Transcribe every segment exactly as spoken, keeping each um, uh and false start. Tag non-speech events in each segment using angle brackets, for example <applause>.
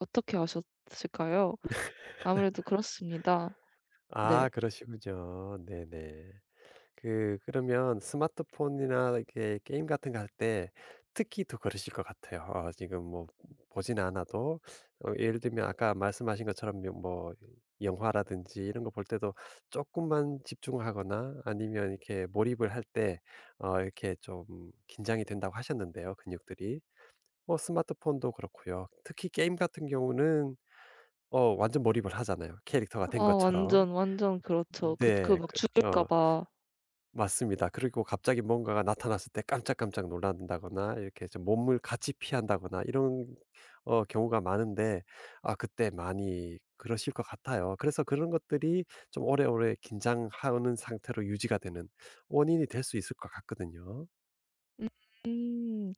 어떻게 아셨을까요? 아무래도 <laughs> 그렇습니다. 아 네. 그러시군요. 네네. 그 그러면 스마트폰이나 이렇게 게임 같은 거 할 때 특히 더 그러실 것 같아요. 어 지금 뭐 보진 않아도 어 예를 들면 아까 말씀하신 것처럼 며 뭐 영화라든지 이런 거 볼 때도 조금만 집중하거나 아니면 이렇게 몰입을 할 때 어 이렇게 좀 긴장이 된다고 하셨는데요 근육들이. 뭐 스마트폰도 그렇고요. 특히 게임 같은 경우는 어 완전 몰입을 하잖아요. 캐릭터가 아 된 것처럼. 완전, 완전 그렇죠. 음 그 그 네. 막 그 죽을까 어. 봐. 맞습니다. 그리고 갑자기 뭔가가 나타났을 때 깜짝깜짝 놀란다거나 이렇게 좀 몸을 같이 피한다거나 이런 어 경우가 많은데 아 그때 많이 그러실 것 같아요. 그래서 그런 것들이 좀 오래오래 긴장하는 상태로 유지가 되는 원인이 될 수 있을 것 같거든요. 음.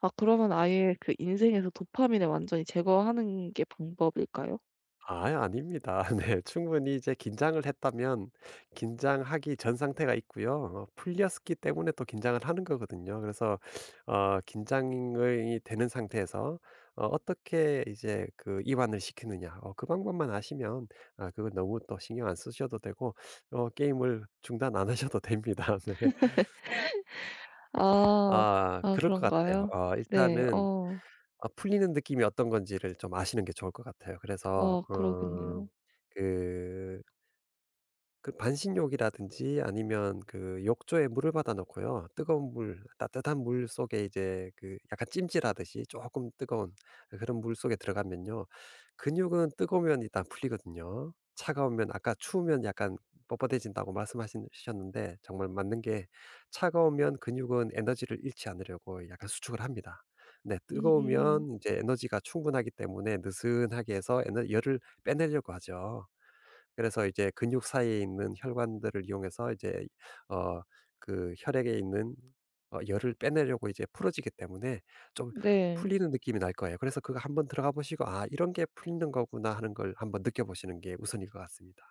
아 그러면 아예 그 인생에서 도파민을 완전히 제거하는 게 방법일까요? 아이 아닙니다. 네. 충분히 이제 긴장을 했다면 긴장하기 전 상태가 있고요. 어 풀렸었기 때문에 또 긴장을 하는 거거든요. 그래서 어 긴장이 되는 상태에서 어 어떻게 이제 그 이완을 시키느냐 어 그 방법만 아시면 아 그건 너무 또 신경 안 쓰셔도 되고 어 게임을 중단 안 하셔도 됩니다. 네. <laughs> 아. 아 아 그럴 것 같아요. 그런가요? 어 네. 일단은 어. 어 풀리는 느낌이 어떤 건지를 좀 아시는 게 좋을 것 같아요. 그래서 아 어 그러겠네요. 그 그 반신욕이라든지 아니면 그 욕조에 물을 받아 놓고요 뜨거운 물 따뜻한 물속에 이제 그 약간 찜질하듯이 쪼끔 뜨거운 그런 물속에 들어가면요 근육은 뜨거우면 일단 풀리거든요. 차가우면 아까 추우면 약간 뻣뻣해진다고 말씀하신 셨는데 정말 맞는 게 차가우면 근육은 에너지를 잃지 않으려고 약간 수축을 합니다. 네. 음음. 뜨거우면 이제 에너지가 충분하기 때문에 느슨하게 해서 에너 열을 빼내려고 하죠. 그래서 이제 근육 사이에 있는 혈관들을 이용해서 이제 어 그 혈액에 있는 어 열을 빼내려고 이제 풀어지기 때문에 좀 네. 풀리는 느낌이 날 거예요. 그래서 그거 한 번 들어가 보시고 "아 이런 게 풀리는 거구나." 하는 걸 한 번 느껴보시는 게 우선일 것 같습니다.